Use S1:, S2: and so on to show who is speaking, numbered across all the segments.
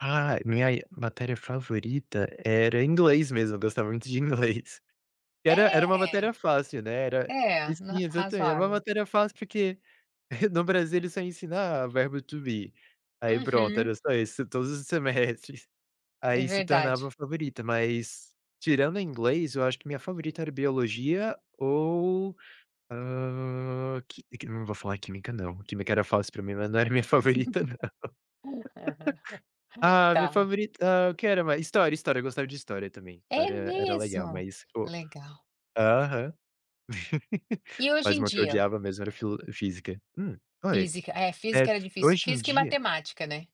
S1: Ah, minha matéria favorita era inglês mesmo. Eu gostava muito de inglês. Que era era uma
S2: É.
S1: matéria fácil, né. Era
S2: É,
S1: sim,
S2: r
S1: exatamen era uma
S2: razoável.
S1: matéria fácil, porque, no Brasil, ele só ensinar verbo to be. Aí, pronto.
S2: Uhum.
S1: Era só isso todos os semestres.
S2: É
S1: Aí se tornava
S2: verdade.
S1: a favorita. Mas, tirando inglês, eu acho que minha favorita era biologia ou, hã, qui quim eu não vou falar química, não. Química era fácil pra mim, mas não era minha favorita, não.
S2: Aham.
S1: Ah, minha
S2: Tá.
S1: favorita, hã, o que era mais? História, história. Eu gostava de história também.
S2: É
S1: História era legal,
S2: mesmo?
S1: mas pô
S2: Legal.
S1: aham.
S2: E hoje
S1: Mas
S2: em
S1: uma que eu
S2: dia?
S1: odiava mesmo era filo física. Hum, oi?
S2: Física. É,
S1: Eh,
S2: física era
S1: f
S2: difícil,
S1: hoje em
S2: física e
S1: dia
S2: matemática, né.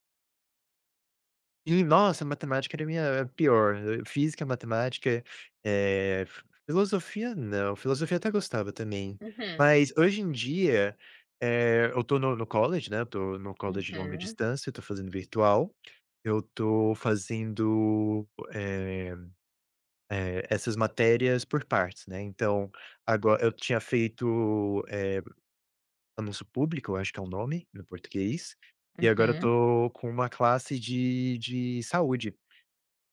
S1: Ih, nossa, matemática era minha pior. Física, matemática. Eh, f filosofia não. Filosofia até gostava também.
S2: Uhum.
S1: Mas, hoje em dia, eh, eu estou no no college, né, eu estou no college longa
S2: Uhum.
S1: distância, estou fazendo virtual. Eu estou fazendo, eh, eh, essas matérias por partes, né, então, agora eu tinha feito, eh, anúncio público, acho que é o nome no português. E agora eu
S2: Uhum.
S1: estou com uma classe de de saúde.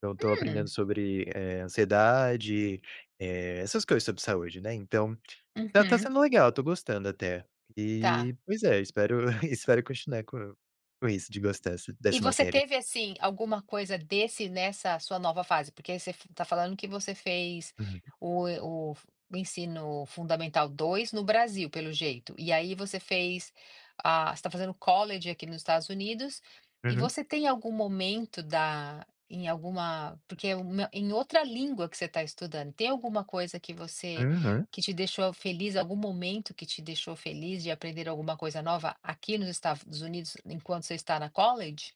S1: Então eu estou aprendendo
S2: Hum.
S1: sobre, eh, ansiedade, eh, essas coisas sobre saúde, né. Então, tá tá
S2: Uhum.
S1: sendo legal. Estou gostando até.
S2: Tá.
S1: E, pois é, espero espero continuar com com isso de gostar essa
S2: E
S1: dessa
S2: você
S1: matéria.
S2: teve, assim, alguma coisa desse nessa sua nova fase? Porque aí você f está falando que você fez
S1: Uhum.
S2: o o o ensino fundamental 2 no Brasil, pelo jeito. E aí você fez, ah você está fazendo college aqui nos Estados Unidos. E
S1: Uhum.
S2: você tem algum momento da em alguma porque uma em outra língua que você está estudando. Tem alguma coisa que você
S1: Uhum.
S2: que te deixou feliz algum momento que te deixou feliz de aprender alguma coisa nova aqui nos Estados Unidos enquanto você está na college?